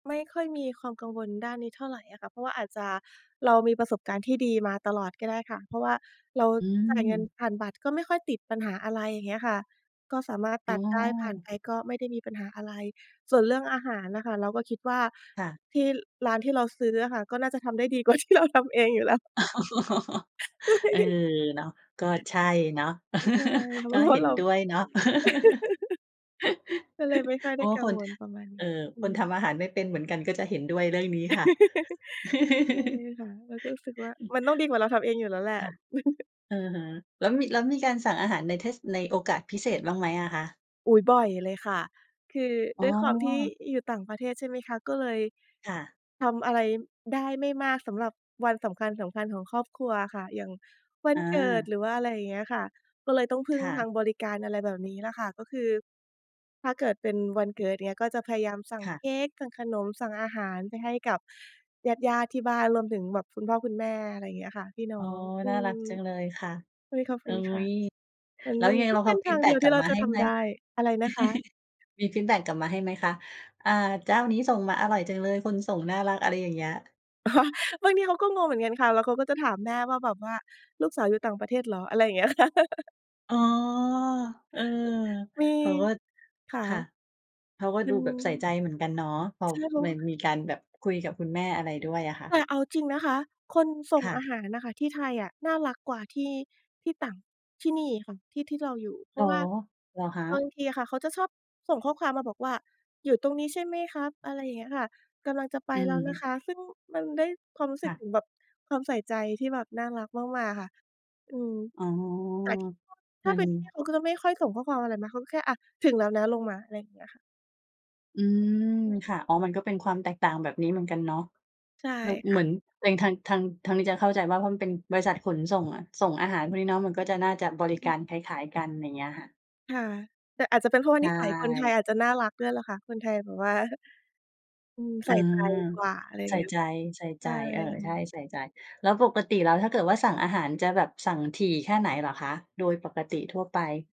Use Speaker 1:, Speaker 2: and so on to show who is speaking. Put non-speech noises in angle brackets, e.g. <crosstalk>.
Speaker 1: ไม่ค่อยมีความกังวลด้านนี้เท่าไรอะค่ะ เพราะว่าอาจจะ เรามีประสบการณ์ที่ดีมาตลอดก็ได้ค่ะ เพราะว่าเรา
Speaker 2: อื
Speaker 1: จ่ายเงิน
Speaker 2: ม
Speaker 1: ผ่านบัตรก็ไม่ค่อยติดปัญหาอะไร อย่างเงี้ยค่ะ ก็สามารถ
Speaker 2: อ
Speaker 1: ต
Speaker 2: ๋
Speaker 1: ั
Speaker 2: อ
Speaker 1: ดได้ผ่านไปก็ไม่ได้มีปัญหาอะไร ส่วนเรื่องอาหารน่ะค่ะเราก็คิดว่า
Speaker 2: ค่ะ
Speaker 1: ที่ ร้านที่เราซื้ออะค่ะ ก็น่าจะทำได้ดี กว่าที่เราทำเองอยู่แล้ว
Speaker 2: อ๋อ
Speaker 1: ใ
Speaker 2: เออ
Speaker 1: ช่
Speaker 2: เนาะ ก็ใช่เนาะ
Speaker 1: ใช่ค่ะ
Speaker 2: <chuckles> ก
Speaker 1: เพ
Speaker 2: ็
Speaker 1: ราะว
Speaker 2: เห
Speaker 1: ่า
Speaker 2: ็น
Speaker 1: เรา
Speaker 2: ด้วยเนาะ <laughs>
Speaker 1: <laughs> ก็เลยไม่ค่อย
Speaker 2: เพ
Speaker 1: ได
Speaker 2: รา
Speaker 1: ้
Speaker 2: ะ
Speaker 1: กั
Speaker 2: ค
Speaker 1: ง
Speaker 2: น
Speaker 1: วลประมาณน
Speaker 2: เอ
Speaker 1: ี
Speaker 2: ่อ
Speaker 1: ้ อื
Speaker 2: คน
Speaker 1: อ
Speaker 2: ทำอาหารไม่เป็นเหมือนกันก็จะเห็นด้วยเรื่องนี้ค่ะ
Speaker 1: <laughs> ใช่
Speaker 2: <giggles>
Speaker 1: ค่ะ เราก็รู้สึกว่า มันต้องดีกว่าเราทำเองอยู่แล้วแหละ
Speaker 2: ค่ะ
Speaker 1: <chuckles>
Speaker 2: อือฮึ แล้วมี แล้วมีการสั่งอาหารในเทศ ในโอกาสพิเศษบ้างไหมอะคะ?
Speaker 1: อุ๊ย บ่อยเลยค่ะ คือ
Speaker 2: อ
Speaker 1: ด
Speaker 2: ๋
Speaker 1: ้วยความที่
Speaker 2: อ
Speaker 1: อยู่ต่างประเทศ ใช่ไหมคะ ก็เลย
Speaker 2: ค่ะ
Speaker 1: ทำอะไรได้ไม่มากสำหรับวันสำคัญ ๆ ของครอบครัวอะค่ะ อย่างวัน
Speaker 2: อ
Speaker 1: เกิด
Speaker 2: า
Speaker 1: หรือว่าอะไรอย่างเงี้ยค่ะ ก็เลยต้องพึ่
Speaker 2: ค
Speaker 1: ง
Speaker 2: ่
Speaker 1: ท
Speaker 2: ะ
Speaker 1: างบริการ อะไรแบบนี้แหละค่ะ ก็คือถ้าเกิดเป็นวันเกิดเนี่ยก็จะพยายามสั่ง
Speaker 2: ค่
Speaker 1: เค
Speaker 2: ะ
Speaker 1: ้ก สั่งขนม สั่งอาหารไปให้กับญาติ ๆ ที่บ้าน รวมถึงแบบคุณพ่อคุณแม่ อะไรเงี้ยค่ะ พี่น้
Speaker 2: อ๋
Speaker 1: อ
Speaker 2: อ
Speaker 1: ง อื
Speaker 2: น่าร
Speaker 1: ม
Speaker 2: ักจังเลยค่ะ
Speaker 1: เฮ้ย ขอบคุณค่ะ เหมือน
Speaker 2: อุ๊ย แล้ว
Speaker 1: มั
Speaker 2: ยั
Speaker 1: น
Speaker 2: งไง?
Speaker 1: ก
Speaker 2: แ
Speaker 1: ็
Speaker 2: ล้ว
Speaker 1: เ
Speaker 2: เ
Speaker 1: ป
Speaker 2: ขา
Speaker 1: ็
Speaker 2: เ
Speaker 1: น
Speaker 2: อาฟ
Speaker 1: ท
Speaker 2: ี
Speaker 1: า
Speaker 2: ด
Speaker 1: ง
Speaker 2: แบ
Speaker 1: เ
Speaker 2: ็
Speaker 1: ดี
Speaker 2: ก
Speaker 1: ยว
Speaker 2: ก
Speaker 1: ท
Speaker 2: ล
Speaker 1: ี
Speaker 2: ั
Speaker 1: ่
Speaker 2: บ
Speaker 1: เรา
Speaker 2: มา
Speaker 1: จะ
Speaker 2: ให้
Speaker 1: ท
Speaker 2: ไหม
Speaker 1: ำได
Speaker 2: <chuckles>
Speaker 1: ้ อะไรนะคะ?
Speaker 2: มีฟีดแบ็กกลับมาให้ไหมคะ? อ่า เจ้านี้ส่งมาอร่อยจังเลย คนส่งน่ารัก อะไรอย่างเงี้ย
Speaker 1: อ๋อ บางทีเขาก็งงเหมือนกันค่ะ แล้วเขาก็จะถามแม่ว่าแบบว่า ลูกสาวอยู่ต่างประเทศเหรอ? อะไรอย่างเงี้ยค่ะ <chuckles>
Speaker 2: อ๋อ เออ
Speaker 1: มี
Speaker 2: เขาก็
Speaker 1: ข
Speaker 2: ค
Speaker 1: า
Speaker 2: ่ะ เขาก็
Speaker 1: มั
Speaker 2: ดู
Speaker 1: น
Speaker 2: แบบใส่ใจเหมือนกันเนาะ พอ
Speaker 1: ใช่ เพราะ
Speaker 2: ม
Speaker 1: ว
Speaker 2: ั
Speaker 1: ่
Speaker 2: น
Speaker 1: า
Speaker 2: มีการแบบคุยกับคุณแม่อะไรด้วยอะค่
Speaker 1: แต
Speaker 2: ะ
Speaker 1: ่เอาจริงนะคะ คนส่
Speaker 2: ค
Speaker 1: ง
Speaker 2: ่
Speaker 1: อ
Speaker 2: ะ
Speaker 1: าหารอะค่ะที่ไทยอะ น่ารักกว่าที่ ที่ต่าง ที่นี่อีกค่ะ ที่ที่เราอยู่ เพ
Speaker 2: อ
Speaker 1: ร
Speaker 2: ๋
Speaker 1: า
Speaker 2: อ
Speaker 1: ะว่า
Speaker 2: เหรอคะ?
Speaker 1: บางทีอะค่ะเขาจะชอบส่งข้อความมาบอกว่า อยู่ตรงนี้ใช่ไหมครับ? อะไรอย่างเงี้ยค่ะ กำลังจะไป
Speaker 2: อื
Speaker 1: แล้วนะ
Speaker 2: ม
Speaker 1: คะ ซึ่งมันได้ความรู้ส
Speaker 2: ค
Speaker 1: ึ
Speaker 2: ่
Speaker 1: ก
Speaker 2: ะ
Speaker 1: ถึงแบบ ความใส่ใจที่แบบน่ารักมาก ๆ ค่ะ อืม
Speaker 2: อ๋อ
Speaker 1: แต่ที่ <unintelligible> ถ
Speaker 2: ม
Speaker 1: ้
Speaker 2: ั
Speaker 1: าเ
Speaker 2: น
Speaker 1: ป็นที่ <unintelligible> เขาก็จะไม่ค่อยส่งข้อความอะไรมา เขาก็แค่อะถึงแล้วนะลงมา อะไรเงี้ยค่ะ
Speaker 2: อือ ค่ะ อ๋อ มันก็เป็นความแตกต่างแบบนี้เหมือนกันเนาะ
Speaker 1: ใช่
Speaker 2: เออ
Speaker 1: ค
Speaker 2: เห
Speaker 1: ่
Speaker 2: มื
Speaker 1: ะ
Speaker 2: อนตัวเอง ทาง ทาง ทางนี้จะเข้าใจว่า เพราะมันเป็นบริษัทขนส่งอะ ส่งอาหารพวกนี้เนาะ มันก็จะน่าจะบริกา
Speaker 1: อือ
Speaker 2: รคล้าย ๆ กัน ไรเงี้ยค่ะ
Speaker 1: ค่ะ แต่อาจจะเป็นเพราะว่
Speaker 2: ใ
Speaker 1: า
Speaker 2: ช
Speaker 1: นิสัยคนไทย
Speaker 2: ่
Speaker 1: อาจจะน่ารักด้วยล่ะคะ คนไทยแบบว่า อืม
Speaker 2: อ
Speaker 1: ใ
Speaker 2: ื
Speaker 1: ส่ใจ
Speaker 2: ม
Speaker 1: กว่า อะไรอย่
Speaker 2: ใ
Speaker 1: า
Speaker 2: ส
Speaker 1: ง
Speaker 2: ่
Speaker 1: เงี้ย
Speaker 2: ใจ
Speaker 1: ค่ะ
Speaker 2: ใส่
Speaker 1: ใ
Speaker 2: ใ
Speaker 1: ช
Speaker 2: จ
Speaker 1: ่
Speaker 2: เออ ใช่ ใส่ใจ แล้วปกติแล้ว ถ้าเกิดว่าสั่งอาหารจะแบบสั่งถี่แค่ไหนเหรอคะ โดยปกติทั่วไป?